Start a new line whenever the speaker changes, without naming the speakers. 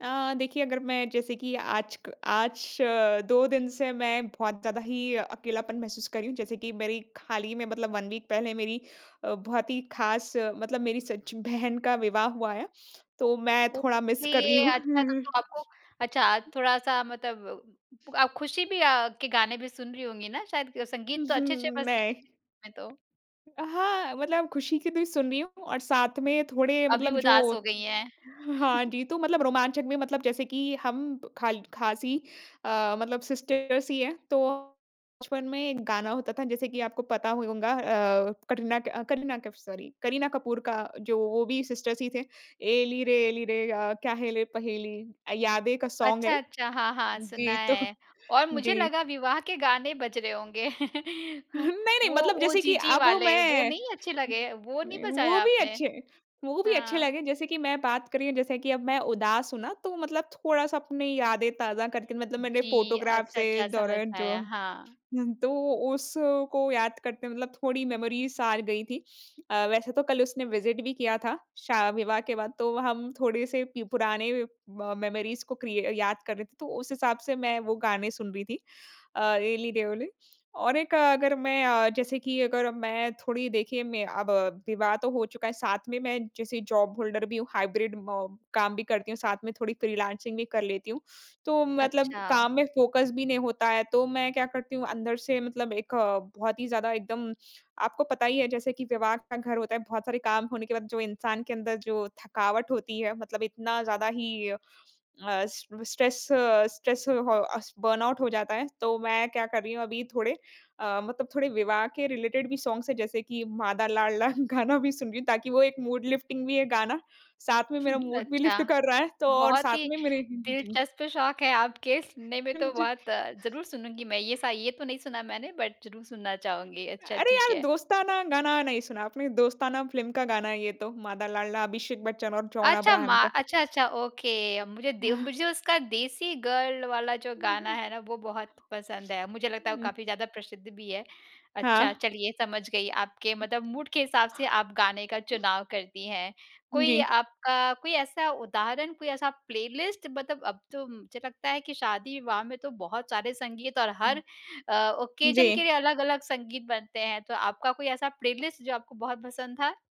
अ, देखिए, अगर मैं, जैसे कि आज क आज 2 दिन से मैं बहुत ज़्यादा ही अकेलापन महसूस कर रही हूँ। जैसे कि मेरी खाली में मतलब 1 वीक पहले मेरी अ, बहुत ही ख़ास मतलब मेरी सच बहन का विवाह हुआ है, तो मैं थोड़ा मिस कर रही
ओके,
हूँ।
अच्छा, तब तो आपको अच्छा, थोड़ा-सा मतलब उम, आप खुशी भी अ, के गाने भी सुन रही होंगी ना, शायद ग
उ
संगीत तो
हुँ,
अच्छे-अच्छे बजते रहते
मैं
हैं, में तो।
अ, हाँ, मतलब खुशी के द सुन रही हूँ, और साथ में थोड़े
अभी
मतलब जो
उदास हो गई हैं।
हाँ जी, तो मतलब रोमांचक में मतलब जैसे कि हम खाल ख़ास ही अ, मतलब सिस्टर्स ही हैं। तो बचपन में एक गाना होता था, जैसे कि आपको पता होगा अ, कटरीना कै अ, करीना कैफ़, सॉरी, करीना कपूर का, जो वो भी सिस्टर्स ही थे, "एली रे, एली रे, अ, क्या है ले पहेली" अ, यादें का सॉन्ग
अच्छा,
है।
अच्छा, हाँ, हाँ, सुना
जी, तो
है। और मुझे
जी।
लगा, विवाह के गाने बज रहे होंगे।
नहीं, नहीं,
वो,
मतलब
ओ
जैसे कि
जीजी
अब
वाले। वो
मैं
नहीं अच्छे लगे? वो नहीं
नहीं, वो
बजाया
भी
आपने?
अच्छे वो भी अच्छे
हाँ।
लगे। जैसे कि मैं बात कर रही हूँ जैसे कि अब मैं उदास हूँ ना, तो मतलब थोड़ा-सा अपनी यादें ताज़ा करके, मतलब मैंने
जी,
फ़ोटोग्राफ़
अच्छा,
से,
अच्छा,
इस
समझ
दौरान जो
आया, हाँ।
हुँ, तो उसको याद करते मतलब थोड़ी मेमरीज़ आ गई थी। अ, वैसे तो कल उसने विज़िट भी किया था, शा विवाह के बाद। तो हम थोड़े से पि पुराने म मेमरीज़ को क्रिय याद कर रहे थे, तो उस हिसाब से मैं वो गाने सुन रही थी अ, एली रे एली। और एक, अगर मैं अ, जैसे कि अगर मैं थोड़ी, देखिए, मैं अब विवाह तो हो चुका है। साथ में, मैं जैसे जॉब होल्डर भी हूँ, हाइब्रिड म काम भी करती हूँ, साथ में थोड़ी फ्रीलांसिंग भी कर लेती हूँ। तो मतलब
अच्छा।
काम में फ़ोकस भी नहीं होता है। तो मैं क्या करती हूँ, अंदर से, मतलब एक बहुत ही ज़्यादा एकदम, आपको पता ही है, जैसे कि विवाह का घर होता है, बहुत सारे काम होने के बाद, जो इंसान के अंदर जो थकावट होती है, मतलब इतना ज़्यादा ही अस स्ट्रेस स्ट्रेस हो अस बर्नआउट हो जाता है। तो मैं क्या कर रही हूँ, अभी थोड़े अ, मतलब थोड़े विवाह के रिलेटेड भी सॉन्ग्स हैं, जैसे कि माँ दा लाडला गाना भी सुन रही हूँ, ताकि वो एक मूड लिफ्टिंग भी है गाना। साथ में मेरा मूड भी
अच्छा।
लिफ्ट कर रहा है, तो और
बहुत
साथ
ही
में मेरे जी।
दिलचस्प शौक हैं आपके। सुनने में
हाँ
तो
जी।
बहुत ज़रूर सुनूँगी मैं। ये सा ये तो नहीं सुना मैंने, बट ज़रूर सुनना चाहूँगी। अच्छा,
अरे!
ठीक
यार,
है।
दोस्ताना गाना नहीं सुना आपने। दोस्ताना फ़िल्म का गाना है ये तो, माँ दा लाडला, अभिषेक बच्चन और जॉन
अच्छा, मा
अब्राहम का।
अच्छा, अच्छा, ओके अ, मुझे दे
हाँ।
मुझे उसका देसी गर्ल वाला जो
हुँ,
गाना
हुँ।
है ना, वो बहुत पसंद है। मुझे लगता है, वो
हुँ।
काफ़ी ज़्यादा प्रसिद्ध भी है। अच्छा,
हाँ।
चलिए, समझ गई। आपके मतलब मूड के हिसाब से आप गाने का चुनाव करती हैं।
हुँ
कोई
जी।
आपका कोई ऐसा उदाहरण, कोई ऐसा प्लेलिस्ट, मतलब अब तो मुझे लगता है कि शादी-विवाह में तो बहुत सारे संगीत और
हुँ।
हर अ, ओकेज़न के
जी।
लिए अलग-अलग संगीत बनते हैं। तो आपका कोई ऐसा प्लेलिस्ट, जो आपको बहुत पसंद था?